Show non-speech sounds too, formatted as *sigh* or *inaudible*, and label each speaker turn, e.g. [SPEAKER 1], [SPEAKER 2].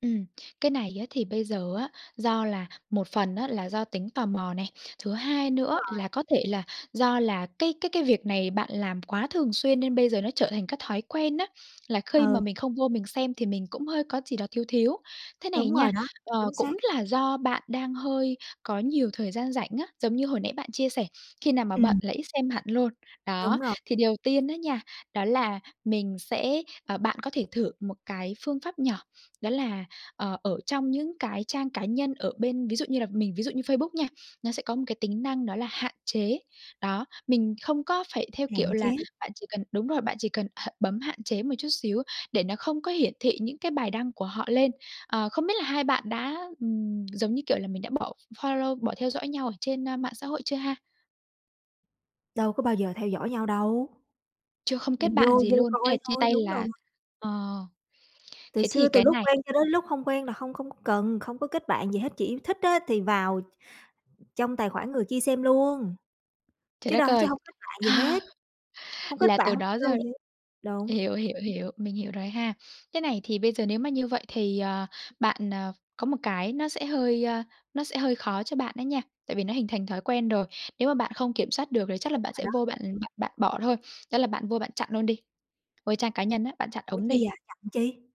[SPEAKER 1] Ừm. Cái này á thì bây giờ á do là một phần á là do tính tò mò này, thứ hai
[SPEAKER 2] Đúng
[SPEAKER 1] nữa
[SPEAKER 2] rồi.
[SPEAKER 1] là có thể là do là cái cái cái việc này bạn làm quá thường xuyên nên bây giờ nó trở thành cái thói quen á, là khi mà
[SPEAKER 2] Ừ.
[SPEAKER 1] mình không vô mình xem thì mình cũng hơi có gì đó thiếu thiếu. Thế này
[SPEAKER 2] Đúng
[SPEAKER 1] nha,
[SPEAKER 2] rồi đó.
[SPEAKER 1] ờ,
[SPEAKER 2] Chính
[SPEAKER 1] cũng
[SPEAKER 2] xác.
[SPEAKER 1] là do bạn đang hơi có nhiều thời gian rảnh á, giống như hồi nãy bạn chia sẻ, khi nào mà bận
[SPEAKER 2] Ừm.
[SPEAKER 1] là ít xem hẳn luôn.
[SPEAKER 2] Đúng
[SPEAKER 1] Đó,
[SPEAKER 2] rồi.
[SPEAKER 1] thì điều tiên á nha, đó là mình sẽ ờ, bạn có thể thử một cái phương pháp nhỏ, đó là, ờ, ở trong những cái trang cá nhân ở bên ví dụ như là mình ví dụ như Facebook nha, nó sẽ có một cái tính năng đó là "Hạn chế". Đó, mình không có phải theo kiểu
[SPEAKER 2] Hạn chế.
[SPEAKER 1] là bạn chỉ cần đúng rồi, bạn chỉ cần h bấm hạn chế một chút xíu để nó không có hiển thị những cái bài đăng của họ lên. Ờ, không biết là hai bạn đã, ừm, giống như kiểu là, mình đã bỏ f follow, bỏ theo dõi nhau ở trên, ơ, mạng xã hội chưa ha?
[SPEAKER 2] Đâu có bao giờ theo dõi nhau đâu.
[SPEAKER 1] Chưa không kết
[SPEAKER 2] Mình vô
[SPEAKER 1] bạn gì
[SPEAKER 2] vô
[SPEAKER 1] luôn? Thế là
[SPEAKER 2] coi
[SPEAKER 1] chia
[SPEAKER 2] thôi.
[SPEAKER 1] tay
[SPEAKER 2] Đúng rồi.
[SPEAKER 1] là ờ.
[SPEAKER 2] Từ
[SPEAKER 1] Thế
[SPEAKER 2] xưa,
[SPEAKER 1] thì
[SPEAKER 2] từ
[SPEAKER 1] cái
[SPEAKER 2] lúc
[SPEAKER 1] này
[SPEAKER 2] quen cho đến lúc không quen là không không có cần không có kết bạn gì hết, chỉ thích á thì vào tr trong tài khoản người kia xem luôn
[SPEAKER 1] Trời
[SPEAKER 2] chứ
[SPEAKER 1] đất
[SPEAKER 2] đâu chứ
[SPEAKER 1] ơi!
[SPEAKER 2] hông kết bạn gì hết.
[SPEAKER 1] *laughs*
[SPEAKER 2] Hông kết
[SPEAKER 1] Là
[SPEAKER 2] bạn,
[SPEAKER 1] từ
[SPEAKER 2] hông
[SPEAKER 1] đó
[SPEAKER 2] follow
[SPEAKER 1] giờ
[SPEAKER 2] gì hết. Đúng.
[SPEAKER 1] hiểu, hiểu, hiểu, mình hiểu rồi ha. Thế này thì bây giờ nếu mà như vậy thì, ờ, bạn, ờ, có một cái nó sẽ hơi, ơ, nó sẽ hơi khó cho bạn ấy nha, tại vì nó hình thành thói quen rồi. Nếu mà bạn không kiểm soát được thì chắc là
[SPEAKER 2] Đúng
[SPEAKER 1] bạn
[SPEAKER 2] rồi
[SPEAKER 1] sẽ
[SPEAKER 2] đó.
[SPEAKER 1] vô bạn bạn bạn bỏ thôi, đó là bạn vô bạn chặn luôn đi, vô trang cá nhân á, bạn chặn
[SPEAKER 2] Ủa
[SPEAKER 1] ổng
[SPEAKER 2] chi
[SPEAKER 1] đi.
[SPEAKER 2] vậy? Chặn chi?